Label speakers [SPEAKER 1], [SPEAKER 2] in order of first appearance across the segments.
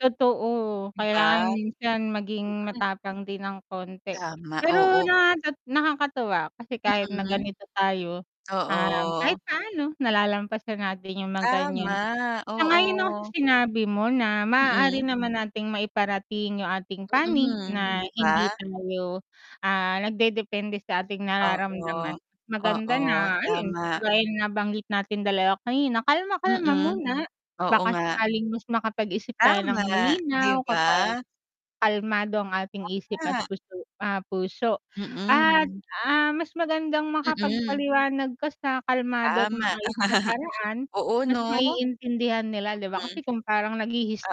[SPEAKER 1] Totoo,
[SPEAKER 2] 'Di
[SPEAKER 1] kailangan
[SPEAKER 2] ba?
[SPEAKER 1] minsan maging
[SPEAKER 2] Mm.
[SPEAKER 1] matapang din ng konti.
[SPEAKER 2] Tama,
[SPEAKER 1] Pero
[SPEAKER 2] oo.
[SPEAKER 1] na nat nakakatuwa kasi kahit na
[SPEAKER 2] Mm,
[SPEAKER 1] ganito tayo, um, kahit
[SPEAKER 2] oo.
[SPEAKER 1] paano nalalampasan natin 'yung mga ganiyan.
[SPEAKER 2] Tama,
[SPEAKER 1] Sang-ayon ako sa
[SPEAKER 2] oo.
[SPEAKER 1] sinabi mo na maaari
[SPEAKER 2] Mm.
[SPEAKER 1] naman nating maiparating 'yung ating panig
[SPEAKER 2] Mm,
[SPEAKER 1] na
[SPEAKER 2] 'di ba?
[SPEAKER 1] hindi tayo, ah, nagdedepende sa ating nararamdaman.
[SPEAKER 2] Oo,
[SPEAKER 1] Maganda
[SPEAKER 2] oo,
[SPEAKER 1] na ayun
[SPEAKER 2] tama.
[SPEAKER 1] kagaya ng nabanggit nating dalawa kanina kalma-kalma
[SPEAKER 2] Mm,
[SPEAKER 1] muna
[SPEAKER 2] oo
[SPEAKER 1] baka
[SPEAKER 2] nga.
[SPEAKER 1] sakaling mas makapag-isip tayo ng
[SPEAKER 2] Tama, 'di
[SPEAKER 1] malinaw kapag
[SPEAKER 2] ba?
[SPEAKER 1] kalmado ang ating isip at
[SPEAKER 2] Tama.
[SPEAKER 1] puso ah, puso. At,
[SPEAKER 2] Mm.
[SPEAKER 1] ah, mas magandang
[SPEAKER 2] Mm.
[SPEAKER 1] makapagpaliwanag ka sa kalmado at
[SPEAKER 2] Tama.
[SPEAKER 1] maayos na paraan,
[SPEAKER 2] Oo
[SPEAKER 1] mas
[SPEAKER 2] 'no.
[SPEAKER 1] maiintindihan nila 'di ba?
[SPEAKER 2] Mm.
[SPEAKER 1] Kasi kung parang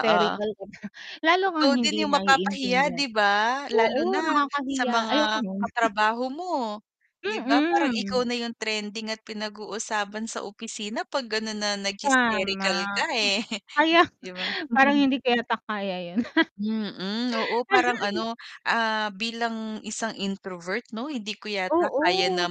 [SPEAKER 2] Oo.
[SPEAKER 1] ka na lalo
[SPEAKER 2] Ikaw
[SPEAKER 1] kang
[SPEAKER 2] din
[SPEAKER 1] hindi
[SPEAKER 2] 'yung mapapahiya
[SPEAKER 1] maiintindihan.
[SPEAKER 2] 'di ba? Lalo
[SPEAKER 1] Oo,
[SPEAKER 2] na sa
[SPEAKER 1] nakakahiya, ayoko
[SPEAKER 2] mga
[SPEAKER 1] nun.
[SPEAKER 2] katrabaho mo. 'Di ba, parang
[SPEAKER 1] Mm.
[SPEAKER 2] ikaw na 'yung trending at pinag-uusapan sa opisina 'pag ganun na
[SPEAKER 1] Tama,
[SPEAKER 2] nag-hysterical ka, eh,
[SPEAKER 1] kaya
[SPEAKER 2] 'di ba.
[SPEAKER 1] parang hindi ko yata kaya 'yun.
[SPEAKER 2] Mm, oo parang ano, ah, bilang isang introvert 'no, hindi ko yata kaya na
[SPEAKER 1] Oo.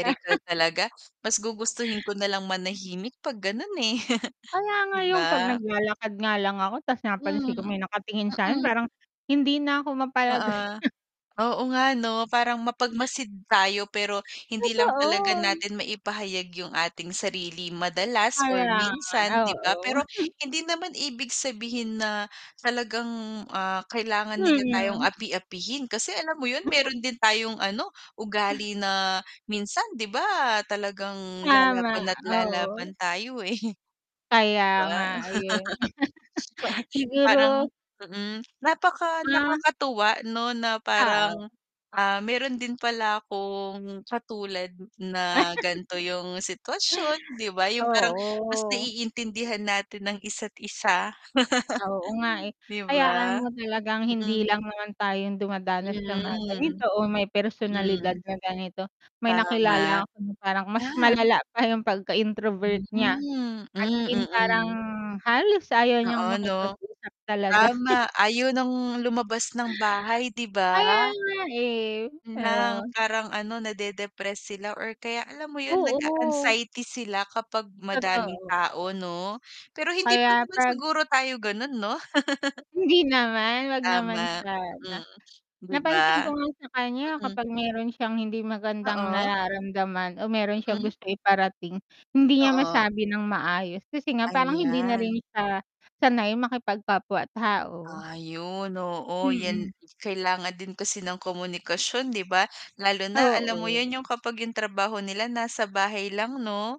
[SPEAKER 2] talaga. Mas gugustuhin ko nalang manahimik 'pag gano'n, eh,
[SPEAKER 1] Kaya nga
[SPEAKER 2] 'di
[SPEAKER 1] 'yung pag
[SPEAKER 2] ba.
[SPEAKER 1] naglalakad nga lang ako ta's
[SPEAKER 2] Hmm,
[SPEAKER 1] napansin ko may nakatingin sa'kin
[SPEAKER 2] mm.
[SPEAKER 1] parang, hindi na ako mapalagay.
[SPEAKER 2] Oo. Oo nga 'no, parang mapagmasid tayo pero hindi lang talaga
[SPEAKER 1] Totoo.
[SPEAKER 2] natin maipahayag 'yung ating sarili madalas or
[SPEAKER 1] Kaya nga,
[SPEAKER 2] minsan 'di ba?
[SPEAKER 1] oo.
[SPEAKER 2] Pero hindi naman ibig sabihin na talagang, ah, kailangan nila tayong
[SPEAKER 1] Mhm.
[SPEAKER 2] api-apihin, kasi alam mo 'yun meron din tayong ano ugali na minsan 'di ba talagang
[SPEAKER 1] Tama,
[SPEAKER 2] lalaban at
[SPEAKER 1] oo.
[SPEAKER 2] lalaban tayo, eh,
[SPEAKER 1] Kaya
[SPEAKER 2] 'di ba.
[SPEAKER 1] nga, eh.
[SPEAKER 2] Pa
[SPEAKER 1] Siguro
[SPEAKER 2] parang mm, napaka
[SPEAKER 1] Ah.
[SPEAKER 2] nakakatuwa 'no na
[SPEAKER 1] Oo.
[SPEAKER 2] parang, ah, meron din pala akong katulad na ganito 'yung sitwasyon 'di ba, 'yung parang mas
[SPEAKER 1] Oo.
[SPEAKER 2] naiintindihan natin ang isa't isa.
[SPEAKER 1] Oo nga, eh.
[SPEAKER 2] 'Di
[SPEAKER 1] Hayaan
[SPEAKER 2] ba?
[SPEAKER 1] mo talagang hindi
[SPEAKER 2] Mm.
[SPEAKER 1] lang naman tayong dumadanas sa mga ganito
[SPEAKER 2] Mhm,
[SPEAKER 1] o may personalidad
[SPEAKER 2] mm.
[SPEAKER 1] na ganito. May nakilala
[SPEAKER 2] Tama.
[SPEAKER 1] ko na parang mas
[SPEAKER 2] Ah.
[SPEAKER 1] malala pa 'yung pagka-introvert niya,
[SPEAKER 2] Mhm.
[SPEAKER 1] as
[SPEAKER 2] Mm,
[SPEAKER 1] in parang
[SPEAKER 2] mm.
[SPEAKER 1] halos ayaw niyang
[SPEAKER 2] Oo 'no.
[SPEAKER 1] makipag-usap talaga.
[SPEAKER 2] Tama, ayaw ng lumabas ng bahay, 'di
[SPEAKER 1] Kaya
[SPEAKER 2] ba?
[SPEAKER 1] nga, eh,
[SPEAKER 2] Yun lang
[SPEAKER 1] oo.
[SPEAKER 2] parang ano, nade-depress sila or kaya alam mo 'yun
[SPEAKER 1] Oo.
[SPEAKER 2] nag-a-anxiety sila kapag madaming
[SPEAKER 1] Totoo.
[SPEAKER 2] tao 'no? Pero hindi pa
[SPEAKER 1] Kaya
[SPEAKER 2] naman
[SPEAKER 1] pag
[SPEAKER 2] siguro tayo gano'n no.
[SPEAKER 1] Hindi naman, huwag naman
[SPEAKER 2] Tama,
[SPEAKER 1] sana.
[SPEAKER 2] mm, 'di
[SPEAKER 1] Napansin ko
[SPEAKER 2] ba?
[SPEAKER 1] nga sa kanya
[SPEAKER 2] Mm.
[SPEAKER 1] kapag meron siyang hindi magandang
[SPEAKER 2] Oo.
[SPEAKER 1] nararamdaman o meron siyang
[SPEAKER 2] Mm.
[SPEAKER 1] gusto iparating, hindi niya
[SPEAKER 2] Oo.
[SPEAKER 1] masabi nang maayos kasi nga parang hindi na rin
[SPEAKER 2] Ayan.
[SPEAKER 1] siya sanay makipagkapwa tao.
[SPEAKER 2] Ayun, oo 'yan
[SPEAKER 1] Mm.
[SPEAKER 2] kailangan din kasi ng komunikasyon, 'di ba? Lalo na alam mo
[SPEAKER 1] Oo.
[SPEAKER 2] 'yun 'yung kapag 'yung trabaho nila nasa bahay lang 'no?